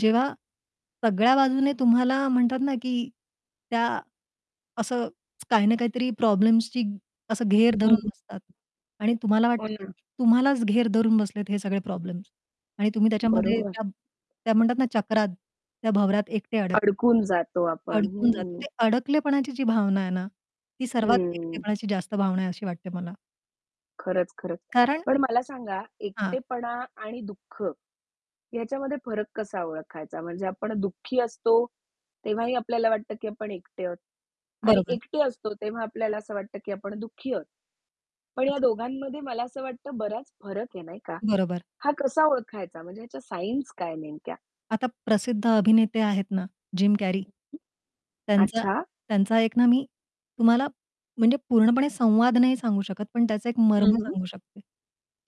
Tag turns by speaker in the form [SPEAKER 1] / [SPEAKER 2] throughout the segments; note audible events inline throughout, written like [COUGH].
[SPEAKER 1] जेव्हा सगळ्या बाजूने तुम्हाला म्हणतात ना, की त्या असं काही ना काहीतरी प्रॉब्लेम्सची असं घेर
[SPEAKER 2] हं.
[SPEAKER 1] धरून बसतात. आणि तुम्हाला
[SPEAKER 2] हो
[SPEAKER 1] वाटतं, की
[SPEAKER 2] ना.
[SPEAKER 1] तुम्हालाच घेर धरून बसलेत हे सगळे प्रॉब्लेम्स आणि तुम्ही त्याच्यामध्ये
[SPEAKER 2] बरोबर.
[SPEAKER 1] त्या त्या म्हणतात ना चक्रात त्या भवरात एकटे अडक
[SPEAKER 2] अडकून जातो आपण.
[SPEAKER 1] अडकून जातो.
[SPEAKER 2] हं.
[SPEAKER 1] ते अडकलेपणाची जी भावना आहे ना ती सर्वात
[SPEAKER 2] हं.
[SPEAKER 1] एकटेपणाची जास्त भावना आहे अशी वाटते मला.
[SPEAKER 2] खरंच, खरंच.
[SPEAKER 1] कारण
[SPEAKER 2] पण मला सांगा
[SPEAKER 1] हां.
[SPEAKER 2] एकटेपणा आणि दुःख याच्यामध्ये फरक कसा ओळखायचा? म्हणजे आपण दुःखी असतो तेव्हाही आपल्याला वाटतं, की आपण एकटे आहोत आणि
[SPEAKER 1] बरोबर.
[SPEAKER 2] एकटे असतो तेव्हा आपल्याला असं वाटतं, की आपण दुःखी आहोत. पण या
[SPEAKER 1] [UNINTELLIGIBLE]
[SPEAKER 2] दोघांमध्ये मला असं वाटतं, बराच फरक आहे नाही का?
[SPEAKER 1] बरोबर.
[SPEAKER 2] हा कसा ओळखायचा? म्हणजे ह्याच्या सायन्स काय नेमक्या?
[SPEAKER 1] आता प्रसिद्ध अभिनेते आहेत ना जिम कॅरी.
[SPEAKER 2] [UNINTELLIGIBLE]
[SPEAKER 1] त्यांचा
[SPEAKER 2] अच्छा.
[SPEAKER 1] त्यांचा एक ना मी तुम्हाला म्हणजे पूर्णपणे संवाद नाही सांगू शकत, पण त्याचा एक
[SPEAKER 2] हं,
[SPEAKER 1] मर्म
[SPEAKER 2] हं.
[SPEAKER 1] सांगू शकते.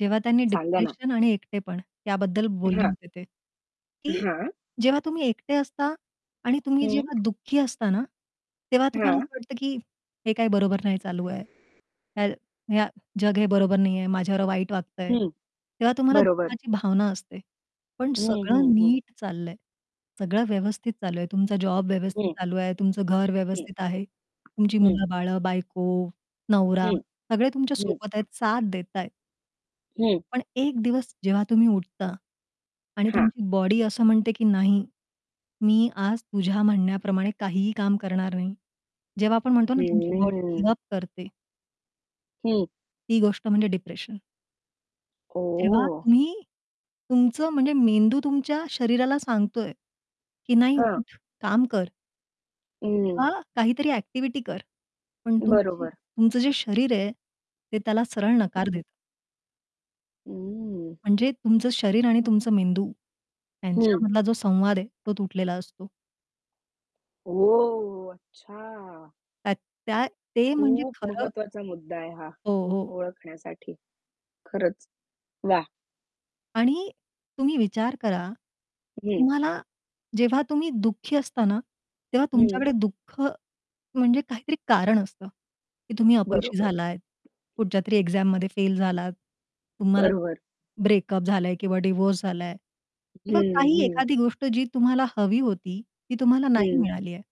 [SPEAKER 1] जेव्हा त्यांनी
[SPEAKER 2] सांगा ना.
[SPEAKER 1] डिप्रेशन आणि एकटेपण याबद्दल बोलले
[SPEAKER 2] हां.
[SPEAKER 1] होते ते, की
[SPEAKER 2] हां.
[SPEAKER 1] जेव्हा तुम्ही एकटे असता आणि तुम्ही
[SPEAKER 2] हं.
[SPEAKER 1] जेव्हा दुःखी असता ना तेव्हा तुम्हाला
[SPEAKER 2] हां.
[SPEAKER 1] असं वाटतं की, हे काही बरोबर नाही चालू आहे. या या जग हे बरोबर नाही आहे. माझ्यावर वाईट वागतंय.
[SPEAKER 2] हं,
[SPEAKER 1] तेव्हा तुम्हाला
[SPEAKER 2] बरोबर.
[SPEAKER 1] दुःखाची भावना असते. पण
[SPEAKER 2] हं,
[SPEAKER 1] सगळं
[SPEAKER 2] हं, हं.
[SPEAKER 1] नीट चाललंय. सगळं व्यवस्थित चालू आहे, तुमचा जॉब व्यवस्थित
[SPEAKER 2] हं.
[SPEAKER 1] चालू आहे, तुमचं घर
[SPEAKER 2] हं.
[SPEAKER 1] व्यवस्थित आहे. तुमची
[SPEAKER 2] हं.
[SPEAKER 1] मुलं-बाळं, बायको, नवरा
[SPEAKER 2] हं,
[SPEAKER 1] सगळे
[SPEAKER 2] हं.
[SPEAKER 1] तुमच्यासोबत आहेत, साथ देतायेत.
[SPEAKER 2] हं.
[SPEAKER 1] पण एक दिवस जेव्हा तुम्ही उठता, आणि
[SPEAKER 2] हां.
[SPEAKER 1] तुमची बॉडी असं म्हणते, की नाही, मी आज तुझ्या म्हणण्याप्रमाणे काहीही काम करणार नाही. जेव्हा आपण म्हणतो ना तुमची बॉडी
[SPEAKER 2] हम्म.
[SPEAKER 1] गिव्ह अप करते.
[SPEAKER 2] हं.
[SPEAKER 1] ती गोष्ट म्हणजे डिप्रेशन. जेव्हा
[SPEAKER 2] ओह!
[SPEAKER 1] तुम्ही तुमचं म्हणजे मेंदू तुमच्या शरीराला सांगतोय की नाही
[SPEAKER 2] हां.
[SPEAKER 1] उठ काम कर.
[SPEAKER 2] हं.
[SPEAKER 1] हां, काहीतरी एक्टिव्हिटी कर. पण तुमची
[SPEAKER 2] बरोबर.
[SPEAKER 1] तुमचं जे शरीर आहे ते त्याला सरळ
[SPEAKER 2] हं,
[SPEAKER 1] नकार
[SPEAKER 2] हं.
[SPEAKER 1] देतं.
[SPEAKER 2] उम्म.
[SPEAKER 1] म्हणजे तुमचं शरीर आणि तुमचं मेंदू
[SPEAKER 2] हं.
[SPEAKER 1] यांच्यामधला जो संवाद आहे, तो तुटलेला असतो.
[SPEAKER 2] ओह! अच्छा.
[SPEAKER 1] त्या त्या ते म्हणजे
[SPEAKER 2] खूप
[SPEAKER 1] खरं.
[SPEAKER 2] महत्वाचा मुद्दा आहे हा
[SPEAKER 1] हो, हो.
[SPEAKER 2] ओळखण्यासाठी. खरंच वाह!
[SPEAKER 1] आणि तुम्ही विचार करा.
[SPEAKER 2] हं.
[SPEAKER 1] तुम्हाला जेव्हा तुम्ही दुःखी असता ना, तेव्हा
[SPEAKER 2] हं.
[SPEAKER 1] तुमच्याकडे दुःख म्हणजे काहीतरी कारण असतं, की तुम्ही अपयशी
[SPEAKER 2] बरोबर.
[SPEAKER 1] झालात, कुठच्यातरी एक्झाममध्ये फेल झालात, तुम्हाला
[SPEAKER 2] बरोबर.
[SPEAKER 1] ब्रेकअप झालाय किंवा डिव्होर्स झालाय किंवा
[SPEAKER 2] हं,
[SPEAKER 1] काही
[SPEAKER 2] हं.
[SPEAKER 1] एखादी गोष्ट जी तुम्हाला हवी होती, ती तुम्हाला नाही
[SPEAKER 2] हं.
[SPEAKER 1] मिळाली आहे.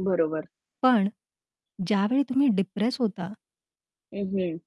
[SPEAKER 2] बरोबर.
[SPEAKER 1] पण ज्यावेळी तुम्ही डिप्रेस होता
[SPEAKER 2] हं, हं.